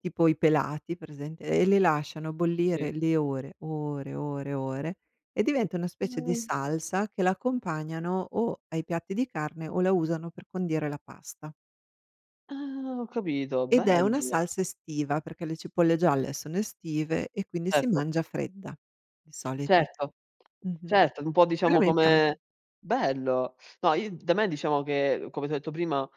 Tipo i pelati, presente? E li lasciano Sì. bollire le ore, ore, ore, ore e diventa una specie di salsa che la accompagnano o ai piatti di carne o la usano per condire la pasta. Ah, ho capito. Ed è una Bello! salsa estiva, perché le cipolle gialle sono estive e quindi si Certo. mangia fredda di solito. Certo, Mh-mh. certo, un po' Quella diciamo mi piace. come bello. No, i da me, diciamo che, come ti ho detto prima,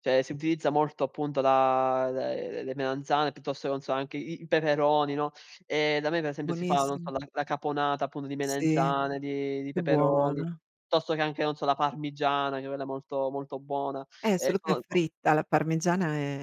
cioè, si utilizza molto appunto la le le melanzane, piuttosto che, non so, anche i i peperoni, no, e da me per esempio si fa, non so, Buonissimo. la la caponata appunto di Sì. melanzane, di di Che peperoni, buona. piuttosto che anche, non so, la parmigiana, che è quella molto molto buona. Eh, Ehm, solo che è sono il top. fritta, la parmigiana è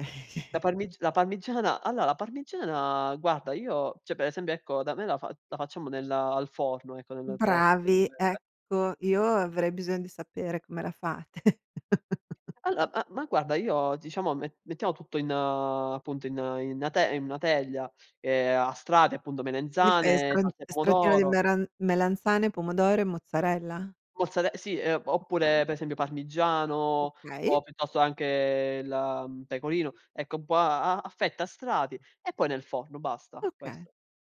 La parmig la parmigiana, allora, la parmigiana, guarda, io, cioè, per esempio, ecco, da me la fa la facciamo nel al forno, ecco nel forno Bravi, [unintelligible] ecco, io avrei bisogno di sapere come la fate. All ah, ma, guarda, io, diciamo, me mettiamo tutto in, appunto, in in 'na te in una teglia, ehm, a strati, appunto, Li fai a melanzane, stran salsa di stratino di pomodoro meran melanzane, pomodoro e mozzarella? mozzare sì, uhm, Okay. oppure, per esempio, parmigiano Okay. o, piuttosto, anche il, mhmm, pecorino. Ecco, un po' a a a fette, a strati e poi nel forno. Basta, Okay. questo.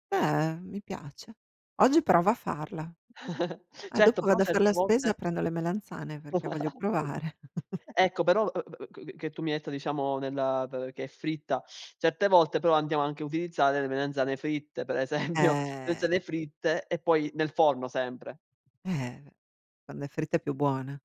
Beh, mi piace. Oggi provo a farla. Eh, Certo, dopo però vado a far certe la spesa volte e prendo le melanzane perché voglio provare. Ecco, però, uhm, uhm, che che tu mi hai detto, diciamo, nella t che è fritta. Certe volte, però, andiamo anche a utilizzare le melanzane fritte, per esempio, Eh. melanzane fritte, e poi nel forno, sempre. Eh, beh. Quando è fritta è più buona.